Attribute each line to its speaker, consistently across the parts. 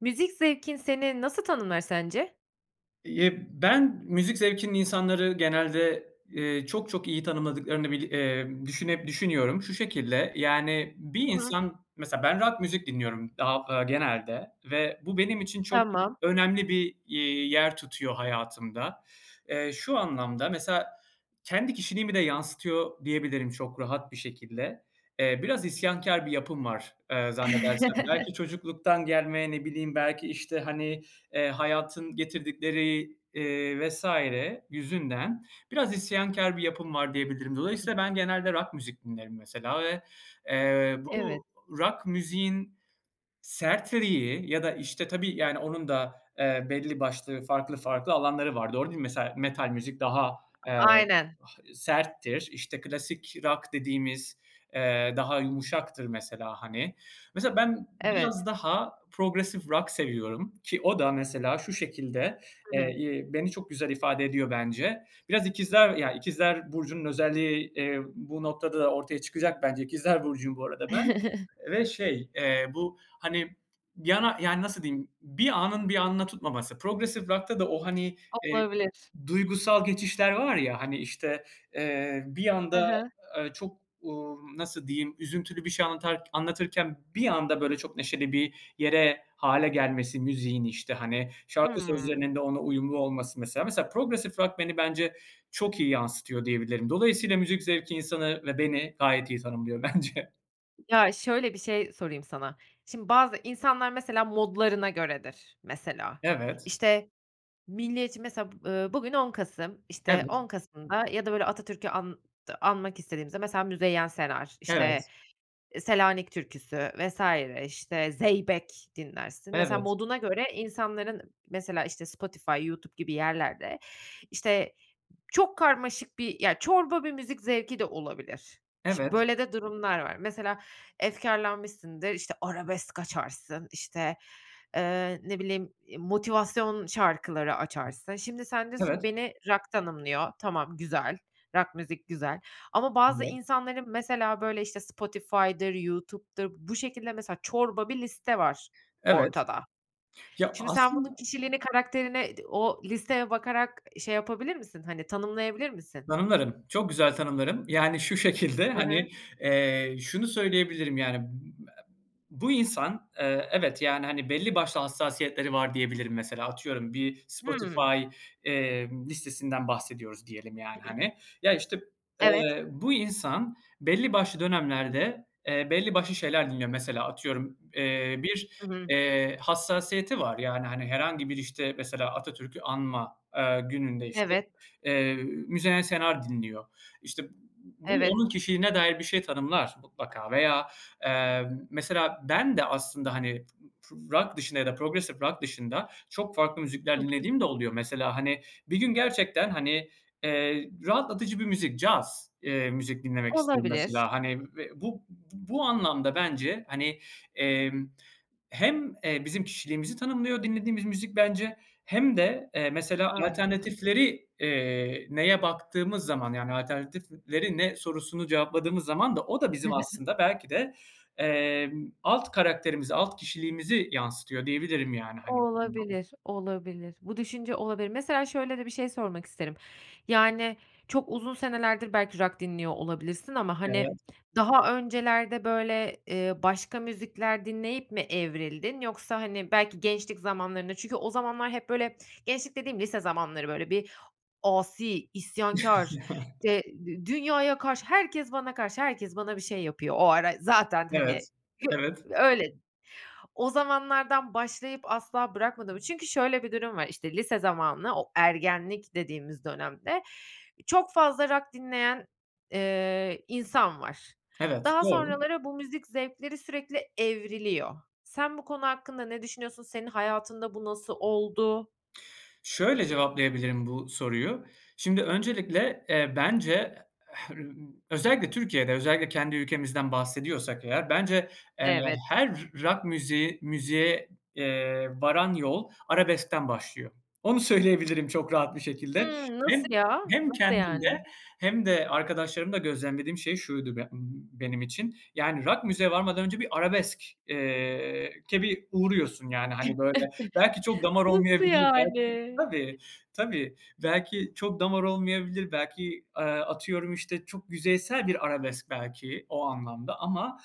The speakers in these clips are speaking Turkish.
Speaker 1: Müzik zevkin seni nasıl tanımlar sence?
Speaker 2: Eee, ben müzik zevkinin insanları genelde, eee, çok, çok iyi tanımladıklarını bir eee, düşüne düşünüyorum. Şu şekilde, yani, bir
Speaker 1: Hı hı.
Speaker 2: insan, mesela, ben rock müzik dinliyorum, ha aaa, genelde ve bu benim için çok
Speaker 1: Tamam.
Speaker 2: önemli bir, iii, yer tutuyor hayatımda. Eee, şu anlamda, mesela, kendi kişiliğimi de yansıtıyor diyebilirim çok rahat bir şekilde. Eee, biraz isyankâr bir yapım var, eee, zannedersem. Belki çocukluktan gelme, ne bileyim, belki, işte, hani, eee, hayatın getirdikleri, eee, vs. yüzünden biraz isyankâr bir yapım var diyebilirim. Dolayısıyla ben genelde rock müzik dinlerim, mesela, ve, eee, bu
Speaker 1: Evet.
Speaker 2: rock müziğin sertliği ya da, işte, tabii, yani, onun da, eee, belli başlı farklı, farklı alanları var. Doğru değil mi? Mesela, metal müzik daha, eee,
Speaker 1: Aynen.
Speaker 2: ha serttir. İşte, klasik rock dediğimiz, eee, daha yumuşaktır, mesela, hani. Mesela, ben
Speaker 1: Evet.
Speaker 2: biraz daha progresif rock seviyorum ki o da, mesela, şu şekilde,
Speaker 1: Hı hı.
Speaker 2: eee, iii, beni çok güzel ifade ediyor, bence. Biraz İkizler ya, İkizler burcunun özelliği, iii, bu noktada ortaya çıkacak, bence. İkizler burcuyum bu arada ben ve şey, eee, bu, hani, yana yani, nasıl diyeyim, bir anın bir anına tutmaması, progresif rock'ta da o, hani, eee,
Speaker 1: Olabilir.
Speaker 2: duygusal geçişler var ya, hani, işte, eee, bir
Speaker 1: Hı
Speaker 2: anda,
Speaker 1: hı.
Speaker 2: ııı, çok, uuu, nasıl diyeyim, üzüntülü bir şey anlatar anlatırken bir anda böyle çok neşeli bir yere hâle gelmesi müziğin, işte, hani, şarkı
Speaker 1: Hımm.
Speaker 2: sözlerinin de ona uyumlu olması. Mesela mesela progresif rock beni, bence, çok iyi yansıtıyor diyebilirim. Dolayısıyla müzik zevki insanı ve beni gayet iyi tanımlıyor bence.
Speaker 1: Ya, şöyle bir şey sorayım sana, şimdi bazı insanlar, mesela, modlarına göredir, mesela.
Speaker 2: Evet.
Speaker 1: İşte, milliyetçi, mesela, b eee, bugün 10 Kasım, işte,
Speaker 2: Evet.
Speaker 1: 10 Kasım'da ya da böyle Atatürk'ü ant anmak istediğimizde, mesela, Müzeyyen Senar, işte,
Speaker 2: Evet.
Speaker 1: Selanik türküsü vs. işte, zeybek dinlersin, mesela,
Speaker 2: Evet.
Speaker 1: moduna göre insanların, mesela, işte, Spotify, YouTube gibi yerlerde, işte, çok karmaşık bir, ya, çorba bir müzik zevki de olabilir. Şi
Speaker 2: Evet.
Speaker 1: böyle de durumlar var. Mesela, efkârlanmışsındır, işte, arabesk açarsın, işte, eee, ne bileyim, eee, motivasyon şarkıları açarsın. Şimdi sen diyorsun,
Speaker 2: Evet.
Speaker 1: "Beni rock tanımlıyor.", tamam, güzel, rock müzik güzel. Ama bazı
Speaker 2: Evet.
Speaker 1: insanların, mesela, böyle, işte, Spotify'dır, YouTube'dur bu şekilde, mesela, çorba bir liste var
Speaker 2: Evet.
Speaker 1: ortada.
Speaker 2: Ya,
Speaker 1: Şimdi sen bunun
Speaker 2: aslında
Speaker 1: kişiliğini, karakterine i o listeye bakarak ı şey yapabilir misin, hani, tanımlayabilir misin?
Speaker 2: Tanımlarım. Çok güzel tanımlarım. Yani, şu şekilde,
Speaker 1: Hı hı.
Speaker 2: hani, eee, şunu söyleyebilirim, yani, bu e bu insan, eee, evet, yani, hani, belli başlı hassasiyetleri var diyebilirim. Mesela, atıyorum bir
Speaker 1: Hımm.
Speaker 2: Spotify, eee, listesinden bahsediyoruz diyelim, yani, hani. Ya, işte,
Speaker 1: Evet.
Speaker 2: eee, bu insan belli başlı dönemlerde, eee, belli başlı şeyler dinliyor, mesela, atıyorum. Eee, bir,
Speaker 1: Hı hı.
Speaker 2: eee, hassasiyeti var, yani, hani, herhangi bir, işte, mesela, Atatürk'ü anma, eee, gününde, işte,
Speaker 1: Evet.
Speaker 2: eee, Müzeyyen Senar dinliyor. İşte, b bu
Speaker 1: Evet.
Speaker 2: onun kişiliğine dair bir şey tanımlar mutlaka veya, eee, mesela, ben de aslında, hani, p rock dışında ya da progresif rock dışında çok farklı müzikler
Speaker 1: Hı hı.
Speaker 2: dinlediğim de oluyor. Mesela, hani, bir gün gerçekten, hani, eee, rahatlatıcı bir müzik, caz, eee, müzik dinlemek isterim,
Speaker 1: Olabilir.
Speaker 2: mesela. Hani ve bu bu anlamda, bence, hani, emm, hem, eee, bizim kişiliğimizi tanımlıyor, dinlediğimiz müzik, bence, hem de, eee, mesela,
Speaker 1: Anladım.
Speaker 2: alternatifleri, eee, neye baktığımız zaman, yani, "Alternatifleri ne?" sorusunu cevapladığımız zaman da o da bizim aslında, belki de, emm, alt karakterimizi, alt kişiliğimizi yansıtıyor diyebilirim, yani, hani. [unintelligible]
Speaker 1: Olabilir, olabilir. Bu düşünce olabilir. Mesela, şöyle de bir şey sormak isterim. Yani, çok uzun senelerdir belki rock dinliyor olabilirsin. Ama, hani,
Speaker 2: Evet.
Speaker 1: daha öncelerde böyle, eee, başka müzikler dinleyip mi evrildin? Yoksa, hani, belki gençlik zamanlarında çünkü o zamanlar hep böyle gençlik dediğim lise zamanları böyle bir asi, isyankâr, işte, dü dünyaya karşı, "Herkes bana karşı, herkes bana bir şey yapıyor." O ara zaten, hani,
Speaker 2: Evet.
Speaker 1: hi
Speaker 2: Evet.
Speaker 1: öyle, o zamanlardan başlayıp asla bırakmadın mı? Çünkü şöyle bir durum var, işte, lise zamanını o ergenlik dediğimiz dönemde çok fazla rock dinleyen, eee, insan var.
Speaker 2: Evet,
Speaker 1: Daha
Speaker 2: doğru.
Speaker 1: sonraları bu müzik zevkleri sürekli evriliyor. Sen bu konu hakkında ne düşünüyorsun? Senin hayatında bu nasıl oldu?
Speaker 2: Şöyle cevaplayabilirim bu soruyu, şimdi, öncelikle, eee, bence he özellikle Türkiye'de, özellikle kendi ülkemizden bahsediyorsak eğer, bence, eee,
Speaker 1: Evet.
Speaker 2: her r rock müziği müziğe, eee, varan yol arabeskten başlıyor. Onu söyleyebilirim çok rahat bir şekilde.
Speaker 1: Hımm.
Speaker 2: Hem
Speaker 1: Nasıl ya?
Speaker 2: hem
Speaker 1: Nasıl
Speaker 2: kendimde
Speaker 1: yani?
Speaker 2: hem de arkadaşlarımda gözlemlediğim şey şuydu b ımm, benim için, yani, rock müziğe varmadan önce bir arabesk eee, ke bir uğruyorsun, yani, hani, böyle. Belki çok damar
Speaker 1: Nasıl
Speaker 2: olmayabilir, belki
Speaker 1: yani?
Speaker 2: Tabii, tabii. Belki çok damar olmayabilir, belki, eee, atıyorum, işte, çok yüzeysel bir arabesk belki o anlamda ama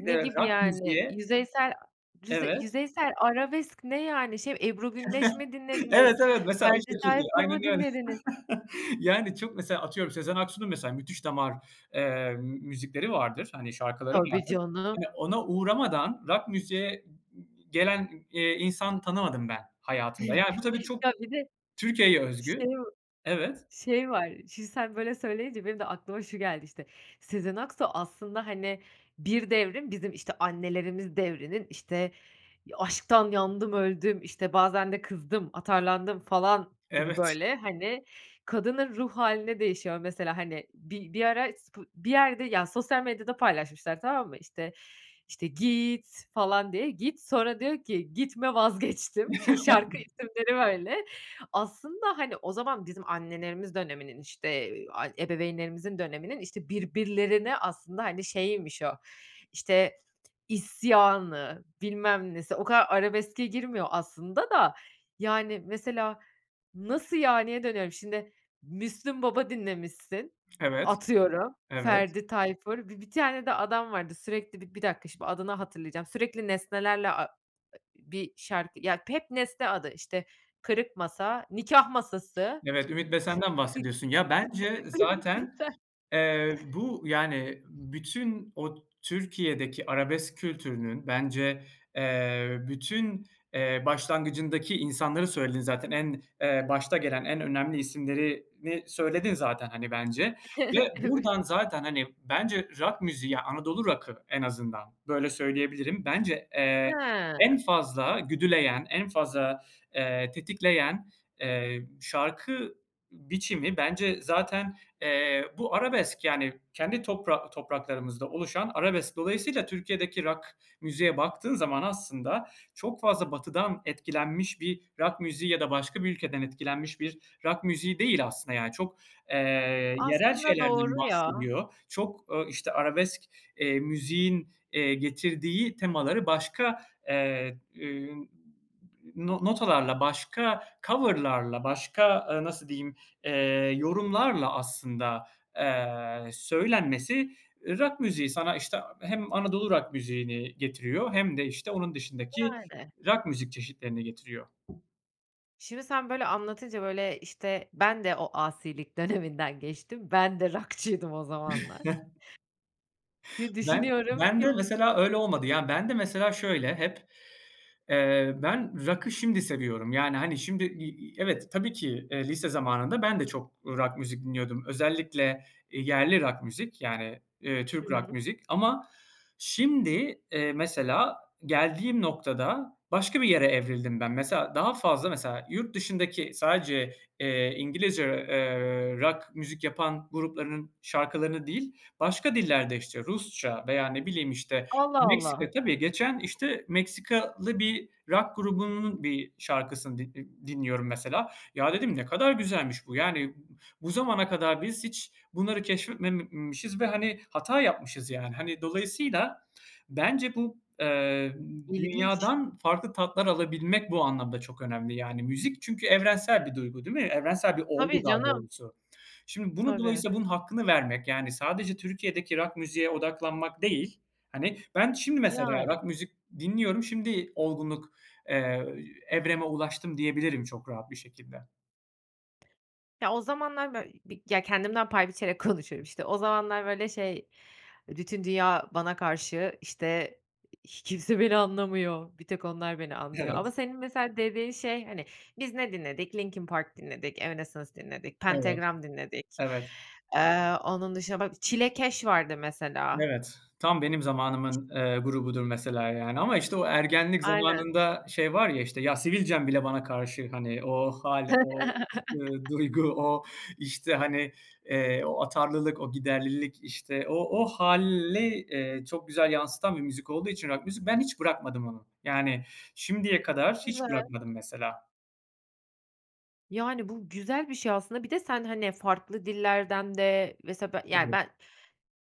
Speaker 1: Ne gibi,
Speaker 2: rock
Speaker 1: yani,
Speaker 2: müziğe
Speaker 1: yüzeysel rüze
Speaker 2: Evet.
Speaker 1: yüzeysel arabesk ne, yani, şey mi? Ebru Güneş mi
Speaker 2: Evet,
Speaker 1: dinlediniz,
Speaker 2: evet, mesela o
Speaker 1: Ferdi
Speaker 2: şekilde,
Speaker 1: Tayfur
Speaker 2: aynen
Speaker 1: mu
Speaker 2: öyle.
Speaker 1: dinlediniz?
Speaker 2: Yani, çok mesela Atıyorum, Sezen Aksu'nun, mesela, müthiş damar, eee, m müzikleri vardır, hani, şarkıları
Speaker 1: Tabii
Speaker 2: vardır.
Speaker 1: canım.
Speaker 2: Hani, ona uğramadan rock müziğe gelen, eee, insan tanımadım ben hayatımda. Yani, bu tabii çok
Speaker 1: Ya, bir de
Speaker 2: Türkiye'ye özgü
Speaker 1: şey va
Speaker 2: Evet.
Speaker 1: şey var. Şimdi, sen böyle söyleyince, benim de aklıma şu geldi, işte. Sezen Aksu aslında, hani, bir devrin bizim, işte, annelerimiz devrinin, işte, "Ya, aşktan yandım, öldüm, işte, bazen de kızdım, atarlandım." falan gibi,
Speaker 2: Evet.
Speaker 1: böyle, hani, kadının ruh hâline değişiyor mesela, hani. Bi bir ara spo bir yerde ya, sosyal medyada paylaşmışlar, tamam mı? İşte işte, git, falan diye, "git" sonra diyor ki, "Gitme, vazgeçtim." Şimdi şarkı isimleri böyle. Aslında, hani, o zaman bizim annelerimiz döneminin, işte, eee, ay ebeveynlerimizin döneminin, işte, birbirlerine aslında, hani, şeyiymiş o, işte, isyanı, bilmem nesi, o kadar arabeske girmiyor aslında da, yani, mesela "Nasıl, yani?"ye dönüyorum, şimdi, Müslüm Baba dinlemişsin,
Speaker 2: Evet.
Speaker 1: atıyorum,
Speaker 2: Evet.
Speaker 1: Ferdi Tayfur, bi bir tane de adam vardı, sürekli Bi bir dakika, şimdi adını hatırlayacağım. Sürekli nesnelerle a e bir şarkı Ya, hep nesne adı, işte, "Kırık Masa, Nikâh Masası"
Speaker 2: Evet, Ümit Besen'den
Speaker 1: Ümit
Speaker 2: bahsediyorsun. Ya, bence zaten,
Speaker 1: Besen.
Speaker 2: eee, bu, yani, bütün o Türkiye'deki arabesk kültürünün, bence, eee, bütün, eee, başlangıcındaki insanları söyledin zaten. En, eee, başta gelen, en önemli isimlerini söyledin zaten, hani, bence ve
Speaker 1: Evet.
Speaker 2: buradan zaten, hani, bence rock müziği ya, Anadolu rock'ı en azından, böyle, söyleyebilirim. Bence, eee, en
Speaker 1: Ha.
Speaker 2: fazla güdüleyen, en fazla, eee, tetikleyen, eee, şarkı biçimi bence zaten, eee, bu arabesk, yani, kendi topra topraklarımızda oluşan arabesk. Dolayısıyla Türkiye'deki rock müziğe baktığın zaman, aslında, çok fazla Batı'dan etkilenmiş bir rock müziği ya da başka bir ülkeden etkilenmiş bir rock müziği değil aslında. Yani, çok, eee, yerel
Speaker 1: Aslında doğru
Speaker 2: şeylerden
Speaker 1: ya.
Speaker 2: bahsediyor, çok, ooo, işte, arabesk, eee, müziğin, eee, getirdiği temaları başka, eee, ün no notalarla, başka cover'larla, başka, eee, nasıl diyeyim, eee, yorumlarla aslında, eee, söylenmesi, eee, rock müziği sana, işte, hem Anadolu rock müziğini getiriyor hem de, işte, onun dışındaki
Speaker 1: Yani.
Speaker 2: rock müzik çeşitlerini getiriyor.
Speaker 1: Şimdi sen böyle anlatınca, böyle, işte, ben de o asilik döneminden geçtim, ben de rock'çıydım o zamanlar. Hı
Speaker 2: Ben,
Speaker 1: düşünüyorum.
Speaker 2: ben de
Speaker 1: Kim?
Speaker 2: mesela öyle olmadı. Ya, ben de mesela şöyle hep, eee, ben rock'ı şimdi seviyorum, yani, hani, şimdi i i evet, tabii ki, eee, lise zamanında ben de çok rock müzik dinliyordum. Özellikle, eee, yerli rock müzik, yani, eee, Türk rock
Speaker 1: Hıı.
Speaker 2: müzik. Ama şimdi, eee, mesela geldiğim noktada başka bir yere evrildim ben. Mesela, daha fazla mesela yurt dışındaki sadece, eee, İngilizce, eee, rock müzik yapan gruplarının şarkılarını değil başka dillerde, işte, Rusça veya ne bileyim, işte,
Speaker 1: Allah
Speaker 2: Meksika,
Speaker 1: Allah.
Speaker 2: tabii geçen, işte, Meksikalı bir rock grubunun bir şarkısını di i dinliyorum mesela. "Ya, dedim, ne kadar güzelmiş bu, yani, bu zamana kadar biz hiç bunları keşfetmemişiz ve, hani, hata yapmışız, yani. Hani, dolayısıyla bence bu, eee,
Speaker 1: İlginç.
Speaker 2: dünyadan farklı tatlar alabilmek bu anlamda çok önemli, yani, müzik çünkü evrensel bir duygu, değil mi? Evrensel bir olgu
Speaker 1: Tabii
Speaker 2: daha
Speaker 1: canım.
Speaker 2: doğrusu. Şimdi bunu
Speaker 1: Tabii.
Speaker 2: dolayısıyla bunun hakkını vermek, yani, sadece Türkiye'deki rock müziğe odaklanmak değil, hani, ben şimdi mesela
Speaker 1: Yani.
Speaker 2: rock müzik dinliyorum, şimdi olgunluk, eee, evreme ulaştım, diyebilirim çok rahat bir şekilde.
Speaker 1: Ya, o zamanlar böy bir ya, kendimden pay biçerek konuşuyorum. İşte, o zamanlar, böyle, şey, bütün dünya bana karşı, işte, hi kimse beni anlamıyor, bir tek onlar beni anlıyor.
Speaker 2: Evet.
Speaker 1: Ama senin mesela dediğin şey, hani, biz ne dinledik? Linkin Park dinledik, Evanescence dinledik,
Speaker 2: Evet.
Speaker 1: Pentagram dinledik,
Speaker 2: Evet.
Speaker 1: eee, onun dışında ba Çilekeş vardı mesela.
Speaker 2: Evet, tam benim zamanımın, eee, grubudur mesela, yani, ama, işte, o ergenlik
Speaker 1: Aynen.
Speaker 2: zamanında şey var ya, işte, "Ya, sivilcem bile bana karşı." hani, o hâl, o, ııı, duygu, o, işte, hani, eee, o atarlılık, o giderlilik, işte, o o hâli, eee, çok güzel yansıtan bir müzik olduğu için rock müzik, ben hiç bırakmadım onu. Yani, şimdiye kadar hiç
Speaker 1: Güzel.
Speaker 2: bırakmadım mesela.
Speaker 1: Yani, bu güzel bir şey aslında. Bir de sen, hani, farklı dillerden de Mesela ben, yani,
Speaker 2: Tabii.
Speaker 1: ben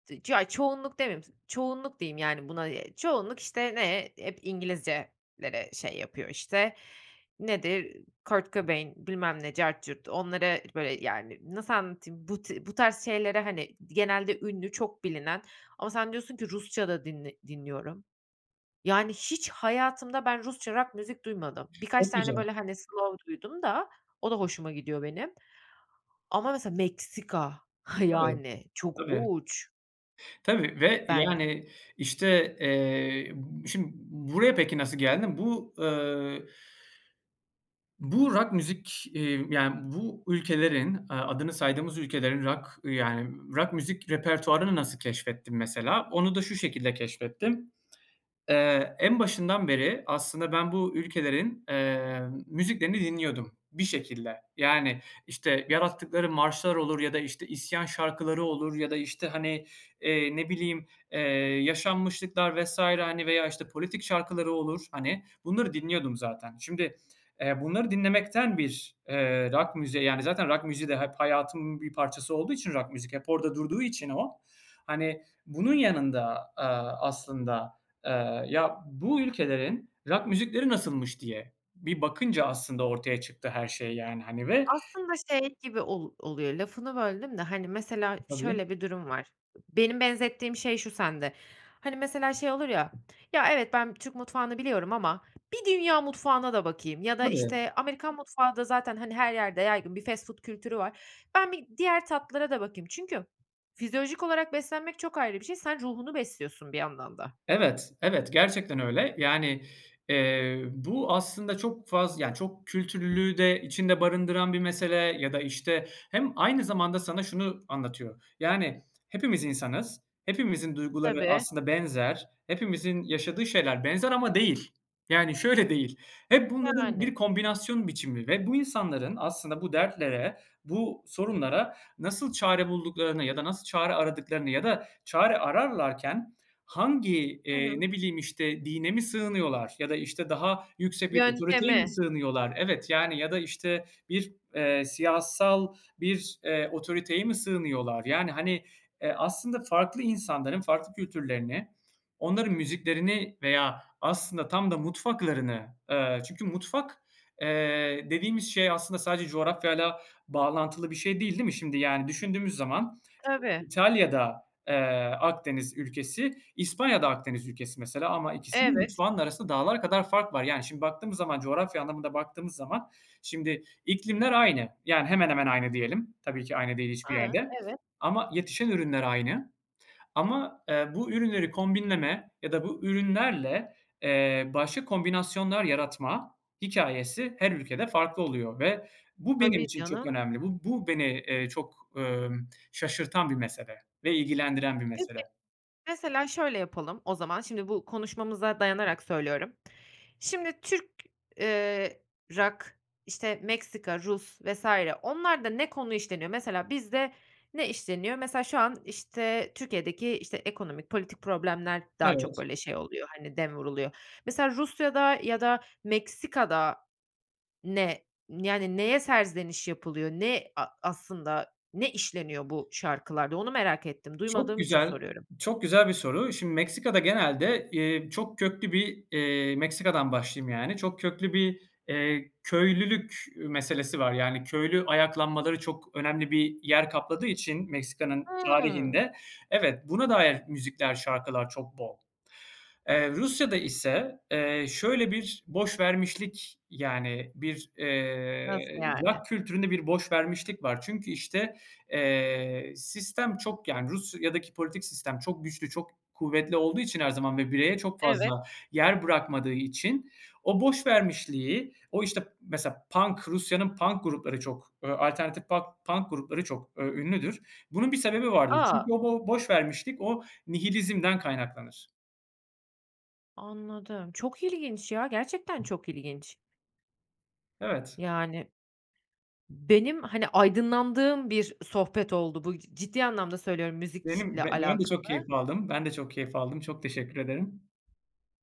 Speaker 1: d ya, çoğunluk demeyeyim Çoğunluk diyeyim, yani, buna, eee, çoğunluk, işte, ne? Hep İngilizcelere şey yapıyor, işte. Nedir? Kurt Cobain, bilmem ne, cart curt, onlara, böyle, yani, nasıl anlatayım? Bu ti bu tarz şeylere, hani, genelde ünlü, çok bilinen Ama sen diyorsun ki: "Rusça da dinle dinliyorum." Yani, hiç hayatımda ben Rusça rock müzik duymadım. Birkaç
Speaker 2: Çok
Speaker 1: tane,
Speaker 2: güzel.
Speaker 1: böyle, hani, slov duydum da o da hoşuma gidiyor benim. Ama mesela Meksika,
Speaker 2: Tabii.
Speaker 1: yani, çok
Speaker 2: Tabii.
Speaker 1: uç.
Speaker 2: Tabii ve,
Speaker 1: Ben
Speaker 2: yani, işte, eee, şimdi buraya peki nasıl geldim? Bu, ııı bu rock müzik, eee, yani, bu ülkelerin, aaa, adını saydığımız ülkelerin rock, yani, rock müzik repertuvarını nasıl keşfettim mesela? Onu da şu şekilde keşfettim, eee, en başından beri aslında ben bu ülkelerin, eee, müziklerini dinliyordum bir şekilde. Yani, işte, yarattıkları marşlar olur ya da, işte, isyan şarkıları olur ya da, işte, hani, eee, ne bileyim, eee, yaşanmışlıklar vs. hani, veya, işte, politik şarkıları olur, hani, bunları dinliyordum zaten. Şimdi, eee, bunları dinlemekten bir, eee, rock müziğe, yani, zaten rock müziği de hep hayatımın bir parçası olduğu için, rock müzik hep orada durduğu için o, hani, bunun yanında, aaa, aslında, eee, "Ya, bu ülkelerin rock müzikleri nasılmış?" diye bir bakınca aslında ortaya çıktı her şey yani, hani, ve
Speaker 1: Aslında şey gibi ol oluyor. Lafını böldüm de, hani, mesela
Speaker 2: Tabii.
Speaker 1: şöyle bir durum var. Benim benzettiğim şey şu sende, hani, mesela şey olur ya, "Ya, evet, ben Türk mutfağını biliyorum ama bir dünya mutfağına da bakayım." Ya da,
Speaker 2: Tabii.
Speaker 1: işte, Amerikan mutfağı da zaten, hani, her yerde yaygın bir fast food kültürü var. "Ben bir diğer tatlılara da bakayım." Çünkü fizyolojik olarak beslenmek çok ayrı bir şey, sen ruhunu besliyorsun bir yandan da.
Speaker 2: Evet, evet, gerçekten öyle. Yani, eee, bu aslında çok faz ya, çok kültürlülüğü de içinde barındıran bir mesele ya da, işte Hem aynı zamanda sana şunu anlatıyor: Yani, hepimiz insanız, hepimizin duyguları
Speaker 1: Tabii.
Speaker 2: aslında benzer, hepimizin yaşadığı şeyler benzer ama değil. Yani, şöyle değil, hep bunların
Speaker 1: Yani.
Speaker 2: bir kombinasyon biçimi ve bu insanların aslında bu dertlere, bu sorunlara nasıl çare bulduklarını ya da nasıl çare aradıklarını ya da çare ararlarken hangi,
Speaker 1: Hı
Speaker 2: eee,
Speaker 1: hı.
Speaker 2: ne bileyim, işte, dine mi sığınıyorlar ya da, işte, daha yüksek bir otoriteye mi
Speaker 1: Yöntemi.
Speaker 2: sığınıyorlar? Evet. Yani, ya da, işte, bir, eee, siyasal bir, eee, otoriteye mi sığınıyorlar? Yani, hani, eee, aslında farklı insanların farklı kültürlerini, onların müziklerini veya aslında tam da mutfaklarını, eee, çünkü mutfak, eee, dediğimiz şey aslında sadece coğrafyayla bağlantılı bir şey değil, değil mi? Şimdi, yani, düşündüğümüz zaman
Speaker 1: Tabii.
Speaker 2: İtalya da, eee, Akdeniz ülkesi, İspanya da Akdeniz ülkesi mesela ama ikisinin
Speaker 1: Evet.
Speaker 2: mutfağının arasında dağlar kadar fark var. Yani, şimdi baktığımız zaman, coğrafya anlamında baktığımız zaman, şimdi, iklimler aynı, yani hemen hemen aynı diyelim, tabii ki aynı değil hiçbir
Speaker 1: Ha,
Speaker 2: yerde.
Speaker 1: evet.
Speaker 2: Ama yetişen ürünler aynı. Ama, eee, bu ürünleri kombinleme ya da bu ürünlerle, eee, başka kombinasyonlar yaratma hikâyesi her ülkede farklı oluyor ve bu benim
Speaker 1: Tabii,
Speaker 2: için çok
Speaker 1: canım.
Speaker 2: önemli. Bu bu beni, eee, çok, ömm, şaşırtan bir mesele ve ilgilendiren bir
Speaker 1: Peki.
Speaker 2: mesele.
Speaker 1: Mesela şöyle yapalım o zaman, şimdi bu konuşmamıza dayanarak söylüyorum. Şimdi Türk, eee, rock, işte, Meksika, Rus vs. onlarda ne konu işleniyor? Mesela bizde ne işleniyor? Mesela şu an, işte, Türkiye'deki, işte, ekonomik, politik problemler daha çok
Speaker 2: Evet.
Speaker 1: böyle şey oluyor, hani, dem vuruluyor. Mesela Rusya'da ya da Meksika'da ne, yani, neye serzeniş yapılıyor? Ne a aslında, ne işleniyor bu şarkılarda? Onu merak ettim.
Speaker 2: Çok
Speaker 1: Duymadığım için
Speaker 2: güzel,
Speaker 1: soruyorum.
Speaker 2: çok güzel bir soru. Şimdi, Meksika'da genelde, eee, çok köklü bir, eee Meksika'dan başlayayım, yani, çok köklü bir, eee, köylülük meselesi var, yani, köylü ayaklanmaları çok önemli bir yer kapladığı için Meksika'nın
Speaker 1: Hımm.
Speaker 2: tarihinde Evet. Buna dair müzikler, şarkılar çok bol. Eee, Rusya'da ise, eee, şöyle bir boşvermişlik, yani, bir, eee,
Speaker 1: Nasıl yani?
Speaker 2: rock kültüründe bir boşvermişlik var. Çünkü, işte, eee, sistem çok Yani, Rusya'daki politik sistem çok güçlü, çok kuvvetli olduğu için her zaman ve bireye çok
Speaker 1: Evet.
Speaker 2: fazla yer bırakmadığı için o boşvermişliği, o, işte Mesela punk Rusya'nın punk grupları çok, ııı, alternatif pak punk grupları çok, ööö, ünlüdür. Bunun bir sebebi vardır.
Speaker 1: A!
Speaker 2: Çünkü o bo boşvermişlik, o nihilizmden kaynaklanır.
Speaker 1: Anladım. Çok ilginç ya, gerçekten çok ilginç.
Speaker 2: Evet.
Speaker 1: Yani benim, hani, aydınlandığım bir sohbet oldu bu, c ciddi anlamda söylüyorum,
Speaker 2: Benim
Speaker 1: müzikle
Speaker 2: be ben de
Speaker 1: alakalı.
Speaker 2: çok keyif aldım, ben de çok keyif aldım, çok teşekkür ederim.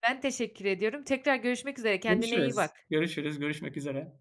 Speaker 1: Ben teşekkür ediyorum. Tekrar görüşmek üzere, kendine iyi
Speaker 2: Görüşürüz,
Speaker 1: bak.
Speaker 2: görüşürüz, görüşmek üzere.